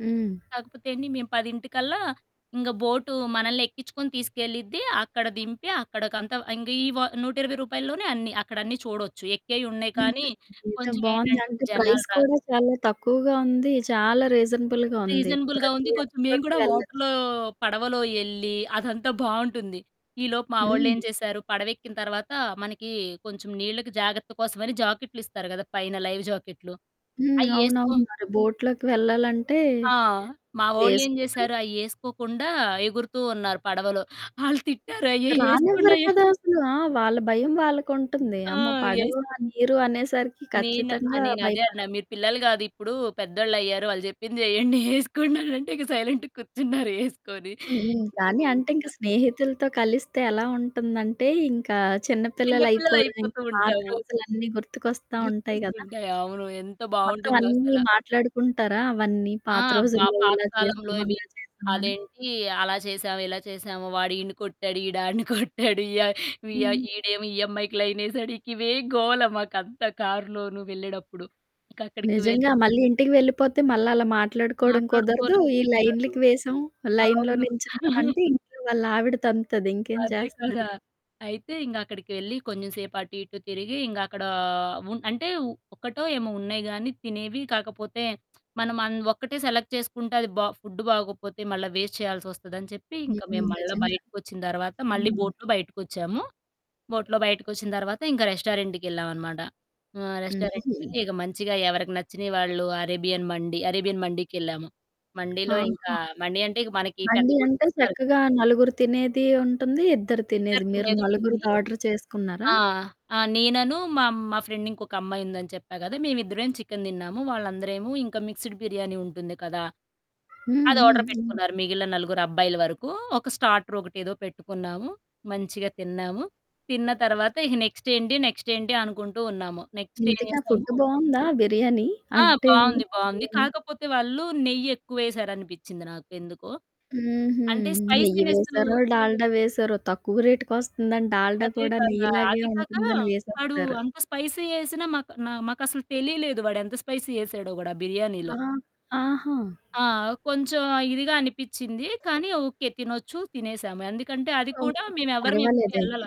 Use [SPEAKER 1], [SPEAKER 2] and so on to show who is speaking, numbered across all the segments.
[SPEAKER 1] హ్మ్.
[SPEAKER 2] కాకపోతే అండి మేము పదింటికల్లా ఇంగ బోటు మనల్నెక్కించుకొని తీసుకెళ్ళిద్ది. అక్కడ దింపి అక్కడకంత ఇంగ ఈ వ 120 రూపాయల్లోనే అన్ని అక్కడన్నీ చూడొచ్చు. ఎక్కేయి ఉన్నాయి కానీ
[SPEAKER 1] హుహు. ఇదేదో
[SPEAKER 2] కొంచెం
[SPEAKER 1] బావుంది.
[SPEAKER 2] ఏంటంటే
[SPEAKER 1] అంటే
[SPEAKER 2] జనాలు
[SPEAKER 1] ప్రైస్
[SPEAKER 2] రా
[SPEAKER 1] కూడా చాలా తక్కువగా ఉంది. చాలా రీజనబుల్‌గా ఉంది.
[SPEAKER 2] రీజనబుల్‌‌గా
[SPEAKER 1] ప్రతి
[SPEAKER 2] ఉంది. కొంచెం మేము
[SPEAKER 1] ఒక్కరు
[SPEAKER 2] కూడా
[SPEAKER 1] వెళ్ళొచ్చు.
[SPEAKER 2] వాటర్‌లో పడవలో ఎళ్ళి అదంతా బావుంటుంది. ఈలోపు మా వోళ్ళేం
[SPEAKER 1] హ్మ్.
[SPEAKER 2] చేశారు, పడవెక్కిన తర్వాత మనకి కొంచెం నీళ్ళకి జాగ్రత్త కోసమని జాకెట్లిస్తారు కదా! పైన లైవ్ జాకెట్లు.
[SPEAKER 1] హ్మ్.
[SPEAKER 2] అయ్యేసుకో
[SPEAKER 1] అవునవును. మర బోట్‌లోకి వెళ్ళాలంటే
[SPEAKER 2] ఆ! మా వోళ్ళేం
[SPEAKER 1] వేసుకోవాలి.
[SPEAKER 2] చేశారు, అయ్యేసుకోకుండా ఎగురుతూ ఉన్నారు పడవలో. ఆళ్ళు తిట్టారు. "అయ్యయ్య
[SPEAKER 1] రానివ్వరు
[SPEAKER 2] ఏసుకుండయ్య!"
[SPEAKER 1] కదా అసలు. ఆ! వాళ్ళ భయం వాళ్ళకుంటుంది.
[SPEAKER 2] ఆ!
[SPEAKER 1] అమ్మ! పడవ,
[SPEAKER 2] యెస్
[SPEAKER 1] నీరు అనేసరికి
[SPEAKER 2] నేను ఆ!
[SPEAKER 1] ఖచ్చితంగా
[SPEAKER 2] నేనదే
[SPEAKER 1] భయపడ
[SPEAKER 2] అన్నా. మీరు పిల్లలు కాదు ఇప్పుడు. పెద్దోళ్ళయ్యారు. వాళ్ళు చెప్పింది చేయండి ఏసుకోండనంటే, ఇక సైలెంట్‌గా కూర్చున్నారు ఏసుకొని.
[SPEAKER 1] హుహు.
[SPEAKER 2] ఇంక
[SPEAKER 1] కానీ అంటే ఇంకా
[SPEAKER 2] మంచిగా
[SPEAKER 1] స్నేహితులతో కలిస్తే ఎలా ఉంటుందంటే ఇంకా చిన్న
[SPEAKER 2] చిన్నపిల్లలు
[SPEAKER 1] పిల్లలయిపోవడం, ఇంకా
[SPEAKER 2] అయిపోతూ
[SPEAKER 1] పాత
[SPEAKER 2] ఉంటాము.
[SPEAKER 1] రోజులన్నీ గుర్తుకొస్తా ఉంటాయి
[SPEAKER 2] గుర్తొస్తు
[SPEAKER 1] కదా!
[SPEAKER 2] ఉంటాయి. అవును. ఎంత
[SPEAKER 1] మొత్తం
[SPEAKER 2] బాగుంటుందో అసల.
[SPEAKER 1] అన్నీ మాట్లాడుకుంటారా? అవన్నీ?
[SPEAKER 2] ఆ!
[SPEAKER 1] పాత
[SPEAKER 2] బా
[SPEAKER 1] రోజుల్లో ఇలా
[SPEAKER 2] పాతకాలంలో
[SPEAKER 1] చేసాం,
[SPEAKER 2] ఇవి.
[SPEAKER 1] అలా చేశామాని?
[SPEAKER 2] అదేంటి అలా చేశామ, ఇలా చేశాము? వాడు ఈడ్ని కొట్టాడు, ఈడు ఆడ్ని కొట్టాడు. య వియ
[SPEAKER 1] హ్మ్.
[SPEAKER 2] ఈడేమో ఈ అమ్మాయికి లైనేసాడు, ఇకివే గోల మాకంత కారులోను వెళ్ళేడప్పుడు. ఇంకా అక్కడికి వెళ్
[SPEAKER 1] నిజంగా. మళ్ళీ ఇంటికి వెళ్ళిపోతే మళ్ళలా మాట్లాడుకోవడం కుదరదు. ఈ
[SPEAKER 2] మాట్లాడుకోవలనుకుంటారు.
[SPEAKER 1] లైన్‌లకి వేసాం. లైన్‌లో
[SPEAKER 2] అవును.
[SPEAKER 1] నించు ఉన్నామంటే ఇంట్లో వాళ్ళ ఆవిడ తంతది. ఇంకేం
[SPEAKER 2] అదే
[SPEAKER 1] చేస్తారు?
[SPEAKER 2] కదా! అయితే ఇంక అక్కడికెళ్ళి కొంచెంసేపు అటు, ఇటు తిరిగి ఇంగ అక్కడ ఉన్ అంటే ఒక్కటో ఏమో ఉన్నాయి గానీ తినేవి. కాకపోతే మనం అన్ ఒక్కటే సెలెక్ట్ చేసుకుంటే అది బా ఫుడ్ బాగకపోతే మళ్ళా వేస్ట్ చేయాల్సొస్తదని చెప్పి ఇంక
[SPEAKER 1] హుహు.
[SPEAKER 2] మేము మళ్ళా
[SPEAKER 1] నిజంగా.
[SPEAKER 2] బయటకొచ్చిన తర్వాత మళ్ళీ
[SPEAKER 1] హ్మ్.
[SPEAKER 2] బోట్‌లో బయటికొచ్చాము. బోట్‌లో బయటికొచ్చిన తర్వాత ఇంకా రెస్టారెంట్‌‌కెళ్ళామనమాట. ఆ!
[SPEAKER 1] హుహు.
[SPEAKER 2] రెస్టారెంట్‌కెళ్ళి ఇక మంచిగా ఎవరికి నచ్చిన వాళ్ళు అరేబియన్ మండీ అరేబియన్ మండీకెళ్ళాము. మండీలో ఇంకా
[SPEAKER 1] ఆహా!
[SPEAKER 2] మండీ అంటే మనకి పెద్ద
[SPEAKER 1] మండి
[SPEAKER 2] గు
[SPEAKER 1] అంటే
[SPEAKER 2] ఇస్తారు.
[SPEAKER 1] చక్కగా నలుగురు తినేది ఉంటుంది. ఇద్దరు
[SPEAKER 2] ఇద్దరు
[SPEAKER 1] తినేది. మీరు
[SPEAKER 2] తినేదుంటుంది.
[SPEAKER 1] నలుగురిది ఆర్డర్ చేసుకున్నారా?
[SPEAKER 2] ఆ! ఆ! నేననూ, మా మా ఫ్రెండ్ ఇంకొక అమ్మాయి ఉందని చెప్పా కదా! మేమిద్దరమే చికెన్ తిన్నాము. వాళ్ళందరేమో ఇంకా మిక్స్డ్ బిర్యానీ ఉంటుంది కదా!
[SPEAKER 1] హ్మ్. హ్మ్.
[SPEAKER 2] అదార్డర్
[SPEAKER 1] హ్మ్.
[SPEAKER 2] పెట్టుకున్నారు. మిగిలిన నలుగురు అబ్బాయిల వరకు. ఒక స్టార్టరొకటేదో పెట్టుకున్నాము. మంచిగా తిన్నాము. తిన్న తర్వాత ఇక నెక్స్ట్ ఏంటి నెక్స్ట్ ఏంటి? అనుకుంటూ ఉన్నాము. నెక్స్ట్ ఏం
[SPEAKER 1] ఇంతకి ఆ
[SPEAKER 2] చేసాము
[SPEAKER 1] ఫుడ్డు బావుందా బిర్యానీ?
[SPEAKER 2] ఆ!
[SPEAKER 1] అంటే
[SPEAKER 2] బావుంది. బావుంది.
[SPEAKER 1] హ్మ్.
[SPEAKER 2] కాకపోతే వాళ్ళు నెయ్యెక్కువేశారనిపించింది నాకెందుకో.
[SPEAKER 1] హుహు.
[SPEAKER 2] అంటే
[SPEAKER 1] నెయ్యి
[SPEAKER 2] స్పైసీనెస్సు
[SPEAKER 1] వేశారో, డాల్డ వేశారో తక్కువ రేటుకొస్తుందని డాల్డ
[SPEAKER 2] అదే
[SPEAKER 1] కూడా
[SPEAKER 2] కదా!
[SPEAKER 1] నెయ్యిలాగే
[SPEAKER 2] అది కాక
[SPEAKER 1] ఉంటుందని
[SPEAKER 2] వాడు
[SPEAKER 1] వేసేస్తారు.
[SPEAKER 2] అంత స్పైసీ ఏసినా మాకు నా మాకు అసలు తెలియలేదు. వాడెంత స్పైసీ ఏసాడో గూడా బిర్యానీలో.
[SPEAKER 1] ఆహా! ఆహా!
[SPEAKER 2] ఆ! కొంచెం ఇదిగా అనిపించింది. కానీ, ఓకే. తినొచ్చు. తినేసాము. ఎందుకంటే అది కూడా
[SPEAKER 1] ఓకే.
[SPEAKER 2] మేమెవరం ఎప్పుడు
[SPEAKER 1] పర్వాలేదైతే.
[SPEAKER 2] వెళ్ళల.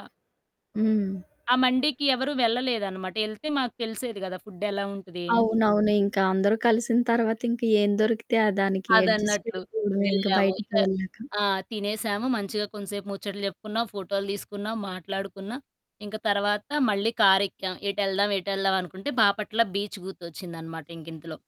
[SPEAKER 1] హ్మ్.
[SPEAKER 2] ఆ మండికి ఎవరు వెళ్ళలేదనమాట. ఎళ్తే మాకు తెలిసేది కదా! ఫుడ్డెలా ఉంటది ఏంటి?
[SPEAKER 1] అవునవును. ఇంకా అందరూ కలిసిన తర్వాత ఇంకా ఏం దొరికితే, ఆ దానికి అడ్జస్ట్
[SPEAKER 2] అదన్నట్లు.
[SPEAKER 1] అయిపోవడమే ఇంక
[SPEAKER 2] వెళ్ళాము. ఇక
[SPEAKER 1] బయటికి వెళ్ళాక.
[SPEAKER 2] ఆ! తినేసాము. మంచిగా కొంచసేపు ముచ్చట చెప్పుకున్నాం. ఫోటోలు తీసుకున్నాం, మాట్లాడుకున్నా. ఇంక తర్వాత మళ్ళీ కారెక్కాం. ఏటెళ్దాం? ఏటెళ్దాం? అనుకుంటే బాపట్ల బీచ్ గుర్తొచ్చిందనమాట ఇంకింతలో.